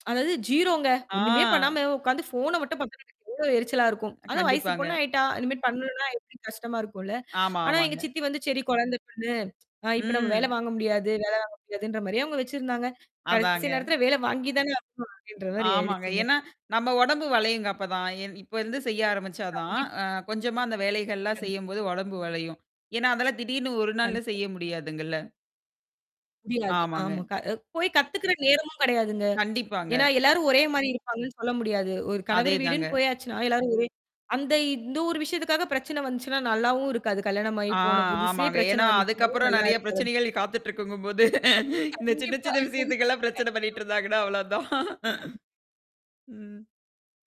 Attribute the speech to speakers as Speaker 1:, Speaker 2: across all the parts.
Speaker 1: அதாவது 0ங்க. ஒண்ணுமே பண்ணாம,
Speaker 2: ஆ.
Speaker 1: உட்கார்ந்து ஃபோன மட்டும் பார்க்கறதுக்கு எவ்வளோ எரிச்சலா இருக்கும். அதுவும் வயசு பொண்ணு
Speaker 2: கண்டிப்பாங்க.
Speaker 1: ஆயிட்டா. இனிமேல் பண்ணணும்னா எப்படி கஷ்டமா இருக்கும்ல?
Speaker 2: ஆமா,
Speaker 1: ஆனா எங்க
Speaker 2: ஆமாங்க.
Speaker 1: சித்தி வந்து, "சரி கொழந்தை பொண்ணு, ஆ இப்ப நம்ம வேல
Speaker 2: ம்.
Speaker 1: வாங்க முடியாது, வேல வாங்க முடியாதுன்ற" மாரியே அவங்க வச்சிருந்தாங்க. கடைசி
Speaker 2: அதாங்க.
Speaker 1: நேரத்தில வேல வாங்கி தானே ஆகணும் அப்டின்ற மாரி
Speaker 2: ஆமாங்க.
Speaker 1: ஆயிடுச்சுங்க.
Speaker 2: ஏன்னா, நம்ம உடம்பு வளையுங்க அப்பதான். இப் இப்ப இருந்து செய்ய ஆரம்பிச்சா
Speaker 1: கண்டிப்பா.
Speaker 2: தான்,
Speaker 1: கண்டிப்பா.
Speaker 2: அ கொஞ்சமா அந்த வேலைகள்லாம்
Speaker 1: கண்டி
Speaker 2: செய்யும்போது உடம்பு வளையும். ஏன்னா, அதெல்லாம் திடீர்னு ஒரு நாள்ல
Speaker 1: கண்டிப்பா.
Speaker 2: செய்ய முடியாதுங்கல்ல?
Speaker 1: முடியாது.
Speaker 2: ஆமாங்க.
Speaker 1: ஆமா. க போய் கத்துக்கிற நேரமும் கடையாதுங்க.
Speaker 2: கண்டிப்பாங்க.
Speaker 1: ஏன்னா, எல்லாரும் ஒரே மாரி இருப்பாங்கன்னு சொல்ல முடியாது. ஒரு கணவர்
Speaker 2: அதேதாங்க.
Speaker 1: வீடுன்னு போயாச்சுனா, எல்லாரும் ஒரே அந்த இந்த ஒரு விஷயத்துக்காக பிரச்சனை வந்துச்சுன்னா, நல்லாவும் இருக்காது. கல்யாணம் ஆயி
Speaker 2: ஆ.
Speaker 1: போன புதுசே
Speaker 2: ஆமாங்க.
Speaker 1: பிரச்சனை
Speaker 2: ஏன்னா,
Speaker 1: வந்துச்சுனாலும்
Speaker 2: அதுக்கப்புறம்
Speaker 1: நல்லா
Speaker 2: நெறைய
Speaker 1: இருக்காது.
Speaker 2: பிரச்சனைகள் காத்துட்டு இருக்குங்கும்போது, இந்த சின்ன
Speaker 1: கண்டிப்பா.
Speaker 2: சின்ன விஷயத்துக்கலாம் பிரச்சனை
Speaker 1: கண்டிப்பா.
Speaker 2: பண்ணிட்டு இருந்தாங்கன்னா அவ்வளோதான். ம்.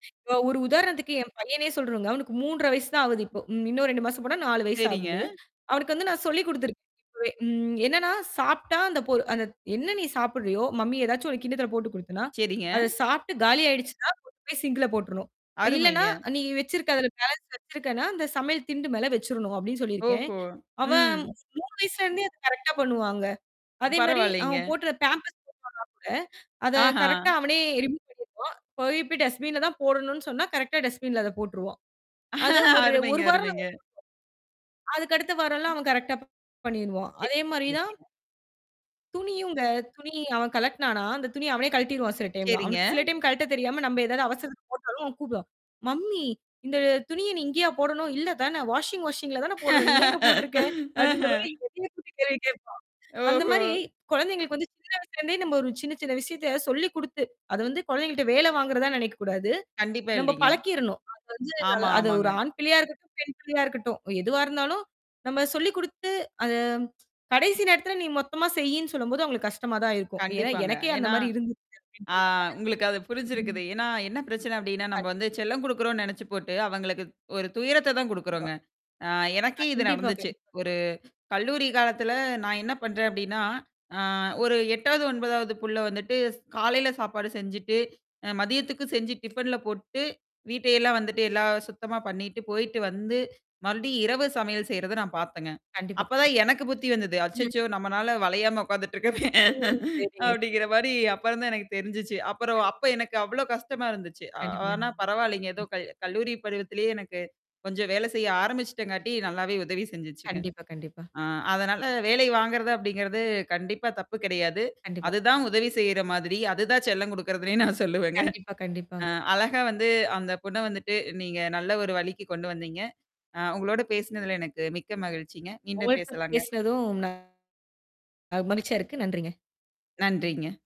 Speaker 1: இப்ப ஒரு உதாரணத்துக்கு என் பையனே சொல்றங்க. அவனுக்கு 3 1/2 வயசு தான் ஆகுது இப்போ. ம் இன்னும் 2 மாசம் போனா, 4 வயசு
Speaker 2: சரிங்க.
Speaker 1: ஆகுது. அவனுக்கு வந்து நான் சொல்லிக் குடுத்துருக்கேன் இப்பவே. ம் "என்னன்னா, சாப்டா அந்த பொ அந்த என்ன நீ சாப்புட்றியோ, மம்மி ஏதாச்சும் ஒரு கின்னத்துல போட்டு குடுத்தனா,
Speaker 2: சரிங்க.
Speaker 1: அத சாப்ட்டு காலி ஆயிடுச்சுன்னா, போய் சிங்க்ல போட்டுருணும். இல்லன்னா,
Speaker 2: அருமைங்க.
Speaker 1: நீ வச்சிருக்க அததுல பேலன்ஸ் வச்சிருக்கன்னா, இந்த சமையல் திண்டு மேல வச்சரணும்" அப்படின்னு சொல்லியிருக்கேன்.
Speaker 2: ஓஹோ!
Speaker 1: அவன்
Speaker 2: ம்.
Speaker 1: 3 வயசுலருந்தே அத கரெக்ட்டா பண்ணுவாங்க. அதே மாரி,
Speaker 2: பரவால்லங்க.
Speaker 1: அவன் போட்ற பேம்பர்ஸ் [unintelligible] பண்ணா கூட, அத
Speaker 2: ஆஹா!
Speaker 1: கரெக்ட்டா அவனே ரிமூவ் பண்ணிருவான், போயி இப்ப டஸ்பின்ல தான் போடணும்னு சொன்னா, கரெக்ட்டா டஸ்பின்ல அத போட்டுருவான். அது ஒரு
Speaker 2: அருமைங்க,
Speaker 1: ஒரு வாரம்
Speaker 2: அருமைங்க.
Speaker 1: [unintelligible] அதுக்கடுத்து வாரமெல்லாம் அவன் கரெக்ட்டா பண்ணிருவான். அதே மாரி தான்
Speaker 2: [unintelligible]
Speaker 1: துணியுங்க. துணி அவன் கழட்டினானா அந்த துணி அவனே கழட்டிருவான் சில டைம்லாம்.
Speaker 2: சரிங்க.
Speaker 1: அவனுக்கு சில டைம் கழட்ட தெரியாம, நம்ம ஏதாவது அவசரத்த போட்டாலும், அவன் கூப்படுவான். "மம்மி இந்த துணிய நீ இங்கேயா போடணும்? இல்ல தானே? வாஷிங் மெசின்ல தானே போடணும். நீ ஏங்க போட்டுருக்க?" அப்படின்ற மாரி
Speaker 2: ஆஹ.
Speaker 1: என்னையே கூப்டி கேள்வி கேப்பான். அந்த மாரி
Speaker 2: ஓஹோ!
Speaker 1: குழந்தைங்களுக்கு வந்து சின்ன வயசுலருந்தே நம்ம ஒரு சின்ன சின்ன விஷயத்த சொல்லி குடுத்து அத வந்து குழந்தைங்கள்ட்ட வேல வாங்குறதா நெினைக்கக்கூடாது.
Speaker 2: கண்டிப்பா
Speaker 1: நம்ம
Speaker 2: இல்லைங்க.
Speaker 1: பழக்கிறணும். அது வந்து
Speaker 2: ஆமா,
Speaker 1: அது
Speaker 2: ஆமாங்க.
Speaker 1: ஒரு ஆண் பிள்ளையா இருக்கட்டும், பெண் பிள்ளையா இருக்கட்டும். எதுவா இருந்தாலும், நம்ம சொல்லி் குடுத்து அத கடைசி நேரத்தில நீ மொத்தமா செய்யின்னு சொல்லும்போது அங்களுக்கு கஷ்டமா தான் இருக்கும். ஏன்னா
Speaker 2: கண்டிப்பாங்க.
Speaker 1: எனக்கே அந்த
Speaker 2: ஏன்னா
Speaker 1: மாரி இருந்துருக்கு
Speaker 2: ஆ
Speaker 1: அப்டின்றதால
Speaker 2: உங்களுக்கு அது
Speaker 1: ம்.
Speaker 2: புரிஞ்சிருக்குது. ஏன்னா, என்ன பிரச்சனை அப்படின்னா, நம்ம
Speaker 1: கண்டிப்
Speaker 2: வந்து செல்லம் குடுக்குறோம்னு நெனச்சு போட்டு, அவங்களுக்கு ஒரு துயரத்த தான்
Speaker 1: கண்டிப்பா.
Speaker 2: குடுக்குறோங்க. ஆ எனக்கே இது
Speaker 1: கண்டிப்பா,
Speaker 2: நடந்துச்சு.
Speaker 1: கண்டிப்பா.
Speaker 2: ஒரு கல்லூரி காலத்துல நான் என்ன பண்றேன் அப்படின்னா, அ ஒரு 8வது, 9வது புள்ள வந்துட்டு காலையில சாப்பாடு செஞ்சுட்டு, அ மதியத்துக்கு செஞ்சு டிஃபன்ல போட்டு, வீட்டையெல்லாம் வந்துட்டு எல்லாம் சுத்தமா பண்ணிட்டு போயிட்டு வந்து, மறுபடியும் இரவு சமையல் செய்றத நான் பாத்தேங்க.
Speaker 1: கண்டிப்பா, கண்டிப்பா.
Speaker 2: அப்பதான் எனக்கு புத்தி வந்தது. அச்சச்சோ! நம்மனால வளையாம உட்காந்துட்டு இருக்கமே,
Speaker 1: ம். சரிங்க ச
Speaker 2: அப்படிங்கிற மாரி அப்பறம்தான் எனக்கு தெரிஞ்சுச்சு. அப்புறம் அப்ப
Speaker 1: கண்டிப்பா.
Speaker 2: எனக்கு அவ்வளோ கஷ்டமா இருந்துச்சு. அ
Speaker 1: கண்டிப்பா.
Speaker 2: ஆனா
Speaker 1: கண்டிப்பா.
Speaker 2: பரவாயில்லங்க! ஏதோ கல் கல்லூரி பருவத்திலேயே எனக்கு, கொஞ்சம் வேலை செய்ய ஆரம்பிச்சுட்டங்காட்டி நல்லாவே உதவி செஞ்சுச்சுங்க.
Speaker 1: கண்டிப்பா, கண்டிப்பா.
Speaker 2: ஆ அதனால வேலை வாங்குறது அப்படிங்கிறது கண்டிப்பா தப்பு கிடையாது.
Speaker 1: கண்டிப்பா.
Speaker 2: அதுதான் உதவி செய்ற மாதிரி. அதுதான் செல்லம் குடுக்குறதுனே நான் சொல்லுவேங்க.
Speaker 1: கண்டிப்பா,
Speaker 2: அ
Speaker 1: கண்டிப்பாங்க.
Speaker 2: அழகா வந்து அந்த பொண்ண வந்துட்டு, நீங்க நல்ல ஒரு வழிக்கு கொண்டு வந்தீங்க. ஆ உங்களோடு பேசினதுல எனக்கு மிக்க மகிழ்ச்சிங்க. மீண்டும்
Speaker 1: உங்கள்ட்ட
Speaker 2: பேசலாங்க.
Speaker 1: பேசினதும் ந மகி்ழ்ச்சியா இருக்கு. நன்றிங்க.
Speaker 2: நன்றிங்க.